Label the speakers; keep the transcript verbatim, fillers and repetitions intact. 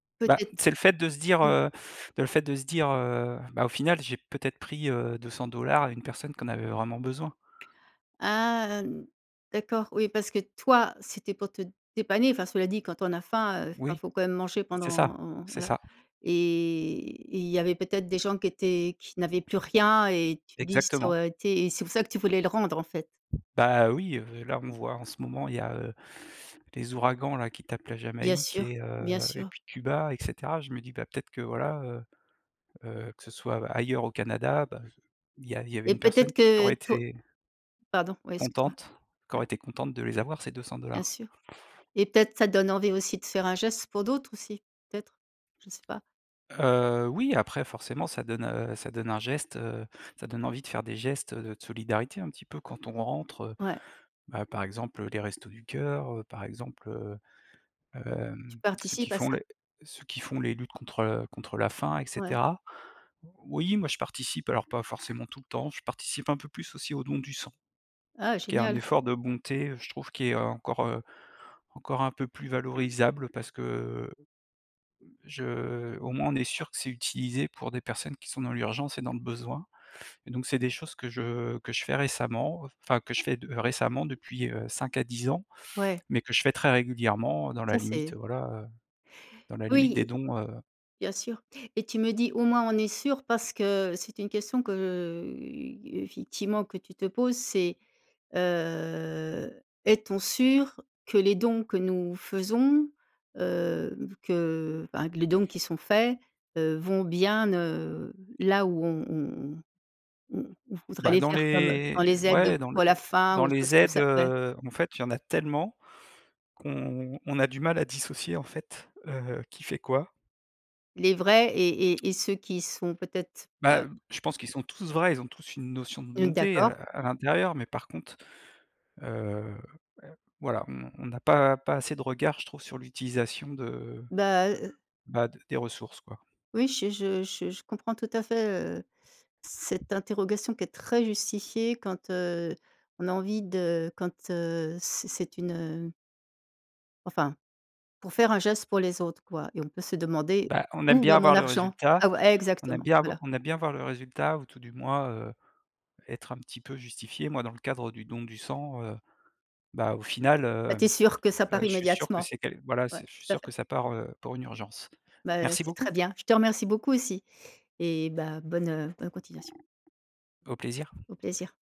Speaker 1: Ben c'est
Speaker 2: Peut-être.
Speaker 1: le fait de se dire,
Speaker 2: Mmh.
Speaker 1: heu, de le fait de se dire, heu: «Ben au final, j'ai peut-être pris, heu, deux cent dollars à une personne qui en avait vraiment besoin».
Speaker 2: Ah d'accord, oui, parce que toi, c'était pour te dépanner. Enfin, cela dit, quand on a faim, heu, enfin il
Speaker 1: Oui
Speaker 2: faut quand même manger
Speaker 1: c'est ça,
Speaker 2: pendant
Speaker 1: c'est
Speaker 2: voilà,
Speaker 1: ça.
Speaker 2: et et il y avait peut-être des gens qui étaient qui n'avaient plus rien et tu te dis: «Ça
Speaker 1: Exactement.
Speaker 2: aurait été» et c'est pour ça que tu voulais le rendre en fait?
Speaker 1: Bah, oui, heu, là on voit en ce moment il y a, heu, des ouragans là qui tapent la
Speaker 2: Bien
Speaker 1: Jamaïque
Speaker 2: sûr,
Speaker 1: et
Speaker 2: bien
Speaker 1: heu, et
Speaker 2: sûr.
Speaker 1: puis Cuba, et cetera. Je me dis ben, peut-être que voilà, heu heu, que ce soit ailleurs au Canada, ben, il y a il y avait
Speaker 2: Et
Speaker 1: une
Speaker 2: peut-être
Speaker 1: personne qui
Speaker 2: que
Speaker 1: aurait
Speaker 2: pour
Speaker 1: été
Speaker 2: pardon, ouais excuse moi,
Speaker 1: contente qui
Speaker 2: ouais.
Speaker 1: aurait été contente de les avoir ces deux cent
Speaker 2: Bien
Speaker 1: dollars.
Speaker 2: sûr, et peut-être que ça donne envie aussi de faire un geste pour d'autres aussi, peut-être. Je sais pas.
Speaker 1: Heu, oui, après forcément ça donne, heu, ça donne un geste, heu, ça donne envie de faire des gestes de solidarité un petit peu quand on rentre, heu,
Speaker 2: Ouais.
Speaker 1: ben par exemple, heu, les Restos du Cœur, heu, par exemple, heu,
Speaker 2: Tu
Speaker 1: hem, ceux qui
Speaker 2: participes à
Speaker 1: font
Speaker 2: ça.
Speaker 1: les ce qui font les luttes contre, heu, contre la faim et
Speaker 2: Ouais.
Speaker 1: cetera. Oui, moi je participe. Alors pas forcément tout le temps. Je participe un peu plus aussi au don du sang,
Speaker 2: Ah
Speaker 1: qui est un
Speaker 2: génial.
Speaker 1: effort de bonté je trouve, qui est encore, heu, encore un peu plus valorisable parce que je au moins on est sûr que c'est utilisé pour des personnes qui sont dans l'urgence et dans le besoin, donc c'est des choses que je que je fais récemment, enfin, que je fais de récemment, depuis, heu, cinq à dix ans,
Speaker 2: Ouais.
Speaker 1: mais que je fais très régulièrement dans la
Speaker 2: Ça
Speaker 1: limite,
Speaker 2: c'est
Speaker 1: voilà, heu, dans la limite des
Speaker 2: Oui,
Speaker 1: dons, heu
Speaker 2: bien sûr, et tu me dis: «Au moins on est sûr» parce que c'était une question que, heu, effectivement que tu te poses? C'est, heu: «Est-on sûr que les dons que nous faisons, heu, que, ben que les dons qui sont faits, heu, vont bien ne là où on on on on on voudrait
Speaker 1: Ben
Speaker 2: les
Speaker 1: dans
Speaker 2: faire?» comme, heu,
Speaker 1: les
Speaker 2: dans les aides, heu,
Speaker 1: ouais dans les
Speaker 2: pour la faim
Speaker 1: dans
Speaker 2: ou chose
Speaker 1: les
Speaker 2: comme
Speaker 1: aides,
Speaker 2: ça? Ouais.
Speaker 1: heu, en fait, il y en a tellement qu'on on a du mal à dissocier en fait, heu, qui fait quoi.
Speaker 2: Les vrais et et et ceux qui sont peut-être, pas
Speaker 1: Ben, je pense qu'ils sont tous vrais, ils ont tous une notion de
Speaker 2: Mmh
Speaker 1: bonté, heu,
Speaker 2: d'accord.
Speaker 1: à l'intérieur, mais par contre, heu, voilà, on on a pas pas assez de regards, je trouve, sur l'utilisation de,
Speaker 2: Ben, heu heu
Speaker 1: ben, de des ressources quoi.
Speaker 2: oui, je je je je comprends tout à fait, heu, cette interrogation qui est très justifiée quand, heu, on a envie de quand, heu, c'est c'est une, heu enfin, pour faire un geste pour les autres quoi, et on peut se demander:
Speaker 1: Ben, on aime
Speaker 2: «Où
Speaker 1: bien
Speaker 2: va mon
Speaker 1: avoir le
Speaker 2: argent?».
Speaker 1: résultat.
Speaker 2: Ah ou
Speaker 1: On aime
Speaker 2: exactement,
Speaker 1: bien avo
Speaker 2: voilà.
Speaker 1: on aime bien voir le résultat, ou tout du moins, heu, être un petit peu justifié. Moi dans le cadre du don du sang, heu, ben au final,
Speaker 2: Ben, tu es
Speaker 1: hem,
Speaker 2: sûr que ça
Speaker 1: heu,
Speaker 2: part
Speaker 1: je suis sûr que
Speaker 2: immédiatement.
Speaker 1: c'est quel voilà,
Speaker 2: Ouais,
Speaker 1: c'est je suis
Speaker 2: tout à
Speaker 1: sûr que
Speaker 2: fait.
Speaker 1: ça part, heu, pour une urgence.
Speaker 2: Ben,
Speaker 1: Merci
Speaker 2: c'est très
Speaker 1: beaucoup.
Speaker 2: bien. Je te remercie beaucoup aussi, et ben, bonne, heu, bonne continuation.
Speaker 1: Au plaisir.
Speaker 2: Au plaisir.